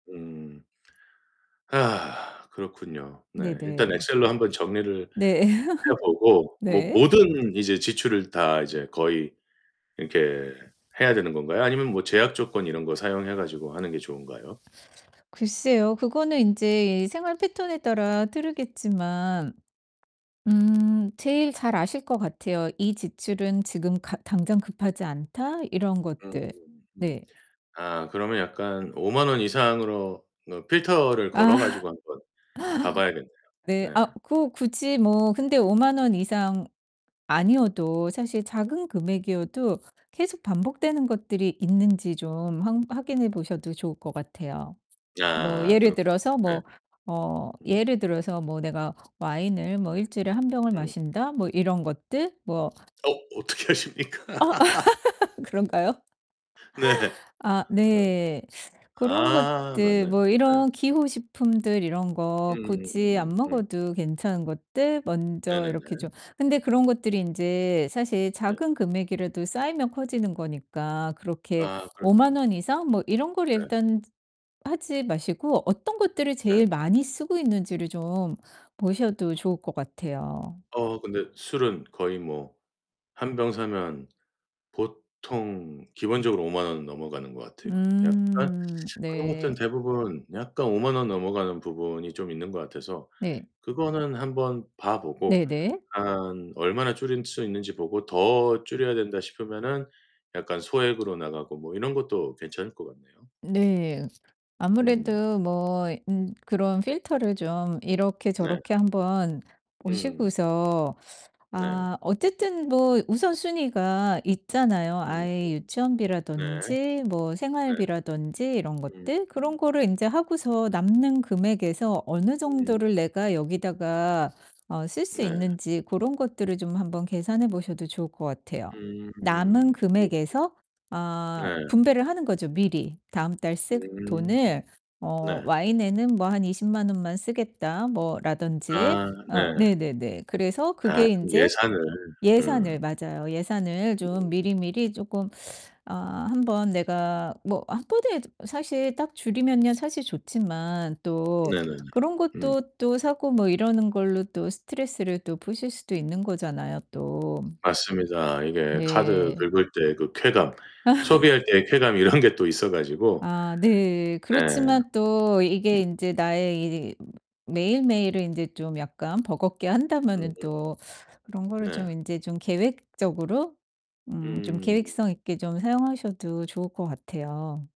음. 아, 그렇군요. 네, 일단 네네. 엑셀로 한번 정리를 네. 해 보고 뭐 네. 모든 이제 지출을 다 이제 거의 이렇게 해야 되는 건가요 아니면 뭐 제약 조건 이런 거 사용해 가지고 하는 게 좋은가요? 글쎄요. 그거는 인제 생활 패턴에 따라 다르겠지만 음 제일 잘 아실 것 같아요. '이 지출은 지금 가 당장 급하지 않다.' 이런 음음 것들. 음. 네. 아, 그러면 약간 50,000 원 이상으로 어 필터를 아. 걸어 가지고 한번 봐 봐야겠네요. 네. 네, 아 그 굳이 뭐 근데 50,000 원 이상 아니어도 사실 작은 금액이어도 계속 반복되는 것들이 있는지 좀 항 확인해 보셔도 좋을 것 같아요. 뭐 아, 예를 그렇군요. 들어서 예. 뭐 어 음. 예를 들어서 뭐 '내가 와인을 뭐 1 주일에 1 병을 음. 마신다.' 뭐 이런 것들 뭐 어 어떻게 아십니까? 어. 그런가요? 네. 아, 어. 네. 그런 아, 것들 뭐 맞네요. 예. 이런 기호 식품들 이런 거 굳이 안 음음음음음 음. 먹어도 괜찮은 것들 먼저 이렇게 네네네. 좀 근데 그런 것들이 인제 사실 네. 작은 금액이라도 쌓이면 커지는 거니까 그렇게 아, 50,000 그렇죠. 원 이상 뭐 이런 거를 네. 일단 하지 마시고 어떤 것들을 네. 제일 많이 쓰고 있는지를 좀 보셔도 좋을 것 같아요. 어 근데 술은 거의 뭐 1 병 사면 보통 기본적으로 50,000 원은 넘어가는 것 같아요. 약간 음, 그런 것들은 네. 대부분 약간 50,000 원 넘어가는 부분이 좀 있는 것 같아서 네. 그거는 한번 봐 보고 네네. 한 얼마나 줄일 수 있는지 보고 더 줄여야 된다 싶으면은 약간 소액으로 나가고 뭐 이런 것도 괜찮을 것 같네요. 네. 음. 아무래도 뭐 음 그런 필터를 좀 이렇게 네. 저렇게 한번 음. 보시고서 네. 아 어쨌든 뭐 우선순위가 있잖아요 음 음. 아이 네. 유치원비라든지 뭐 네. 생활비라든지 이런 음 것들. 그런 음. 거를 인제 하고서 남는 금액에서 어느 음. 정도를 내가 여기다가 어 쓸 수 네. 있는지 고런 것들을 좀 한번 계산해 보셔도 좋을 것 같아요. 음 남은 음. 그렇죠. 금액에서 아 네. 분배를 하는 거죠 미리. 다음 달 쓸 음 돈을 어 네. '와인에는 뭐 한 200,000 원만 쓰겠다.' 뭐 라든지 아, 어 네. 네네네. 그래서 아, 그게 좀 인제 예산을. 예산을 음. 맞아요. 예산을 좀 음. 미리미리 쪼끔 아 1 번 내가 뭐 1 번에 사실 딱 줄이면야 사실 좋지만 또 네네네. 그런 음. 것도 또 사고 뭐 이러는 걸로 또 스트레스를 또 푸실 수도 있는 거잖아요, 또. 맞습니다. 이게 카드 네. 긁을 때 그 쾌감, 소비할 때의 쾌감 이런 게 또 있어 가지고 아 네. 네. 그렇지만 또 이게 음. 인제 나의 이 매일매일을 인제 좀 약간 버겁게 한다면은 음음. 또 그런 거를 네. 좀 인제 좀 계획적으로 음 좀 음. 계획성 있게 좀 사용하셔도 좋을 것 같아요.